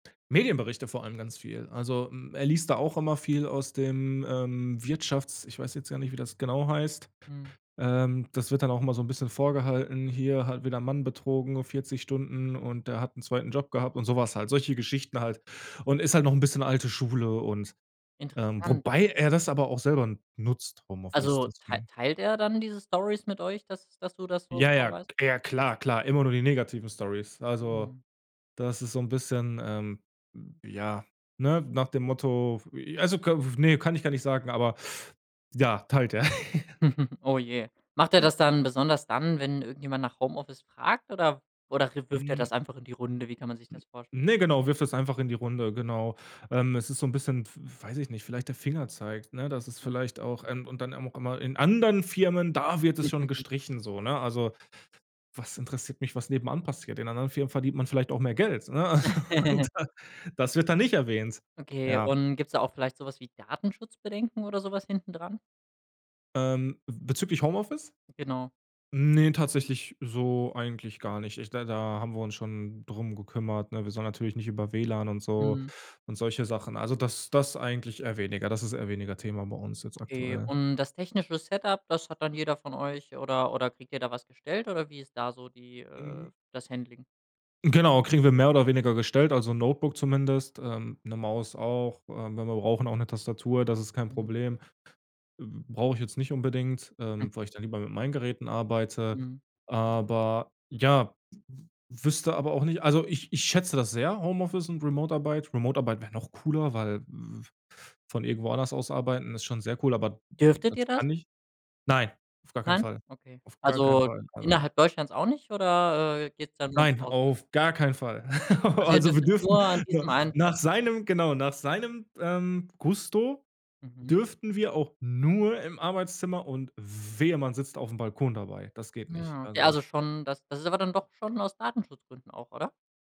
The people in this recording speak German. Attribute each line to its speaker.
Speaker 1: Medienberichte, vor allem ganz viel. Also, hm, er liest da auch immer viel aus dem, ähm, Wirtschafts ich weiß jetzt gar nicht, wie das genau heißt
Speaker 2: Mhm.
Speaker 1: ähm, das wird dann auch immer so 'n bisschen vorgehalten, hier halt wieder 'n Mann betrogen, 40 Stunden und der hat 'n 2. Job gehabt und so was halt solche Geschichten halt. Und ist halt noch 'n bisschen alte Schule und, ähm
Speaker 2: Interessant.
Speaker 1: wobei er das aber auch selber nutzt Homeoffice
Speaker 2: Also, tei
Speaker 1: deswegen.
Speaker 2: teilt er dann diese Storys mit euch, dass du das so
Speaker 1: Ja,
Speaker 2: genau
Speaker 1: ja,
Speaker 2: weißt?
Speaker 1: ja, klar, klar, immer nur die negativen Storys, also
Speaker 2: Mhm.
Speaker 1: das ist so 'n bisschen, ähm, ja, ne, nach dem Motto also k ne, kann ich gar nicht sagen, aber ja, teilt er.
Speaker 2: Oh je. Macht er das dann besonders dann, wenn irgendjemand nach Homeoffice fragt oder oder re wirft er
Speaker 1: Hm.
Speaker 2: das einfach in die Runde? Wie kann man sich das vorstellen?
Speaker 1: Ne, genau, wirft es einfach in die Runde, genau, ähm, es ist so 'n bisschen, w weiß ich nicht, vielleicht der Fingerzeig, ne, dass es
Speaker 2: Mhm.
Speaker 1: vielleicht auch, ähm und dann auch immer: „In anderen Firmen, da wird es schon gestrichen“ so, ne? Also, was interessiert mich, was nebenan passiert? In anderen Firmen verdient man vielleicht auch mehr Geld, ne? Also, und das das wird dann nicht erwähnt.
Speaker 2: Okay.
Speaker 1: Ja.
Speaker 2: Und gibt's da auch vielleicht so was wie Datenschutzbedenken oder so was hintendran?
Speaker 1: Ähm, bezüglich Homeoffice?
Speaker 2: Genau.
Speaker 1: Ne, tatsächlich so eigentlich gar nicht. Ich da da haben wir uns schon drum gekümmert, ne? Wir sollen natürlich nicht über WLAN und so
Speaker 2: Mhm.
Speaker 1: und solche Sachen. Also, das das eigentlich eher weniger das ist eher weniger Thema bei uns jetzt
Speaker 2: Okay.
Speaker 1: aktuell.
Speaker 2: Und das technische Set-up, dass hat dann jeder von euch oder oder kriegt ihr da was gestellt oder wie ist da so die äh, das Handling?
Speaker 1: Genau, kriegen wir mehr oder weniger gestellt, also, Notebook zumindest, ähm, 'ne Maus auch, äh, wenn wir brauchen, auch 'ne Tastatur, das ist kein
Speaker 2: Mhm.
Speaker 1: Problem äh, brauche ich jetzt nicht unbedingt,
Speaker 2: Hm.
Speaker 1: ähm, weil ich dann lieber mit meinen Geräten arbeite,
Speaker 2: Mhm.
Speaker 1: aber ja, w w wüsste aber auch nicht also, ich ich schätze das sehr, Homeoffice und Remote-Arbeit Remote-Arbeit wäre noch cooler, weil v von irgendwo anders aus arbeiten ist schon sehr cool, aber
Speaker 2: Dürftet
Speaker 1: das
Speaker 2: ihr das?
Speaker 1: kann ich nein, auf gar keinen
Speaker 2: Nein?
Speaker 1: Fall,
Speaker 2: Okay.
Speaker 1: auf gar keinen
Speaker 2: Also,
Speaker 1: Fall, aber
Speaker 2: innerhalb Deutschlands auch nicht oder, äh, geht's dann nur ums
Speaker 1: Nein,
Speaker 2: Ausland?
Speaker 1: auf gar keinen Fall.
Speaker 2: Also, ihr
Speaker 1: Also, wir
Speaker 2: dürftet
Speaker 1: dürften
Speaker 2: nur an
Speaker 1: nur
Speaker 2: diesem einen Platz
Speaker 1: nach seinem genau, nach seinem, ähm, Gusto
Speaker 2: Mhm.
Speaker 1: dürften wir auch nur im Arbeitszimmer und wehe, man sitzt aufm Balkon dabei. Das geht nicht.
Speaker 2: Hm, okay,
Speaker 1: Also
Speaker 2: also, schon das ist aber dann doch schon aus Datenschutzgründen auch, oder?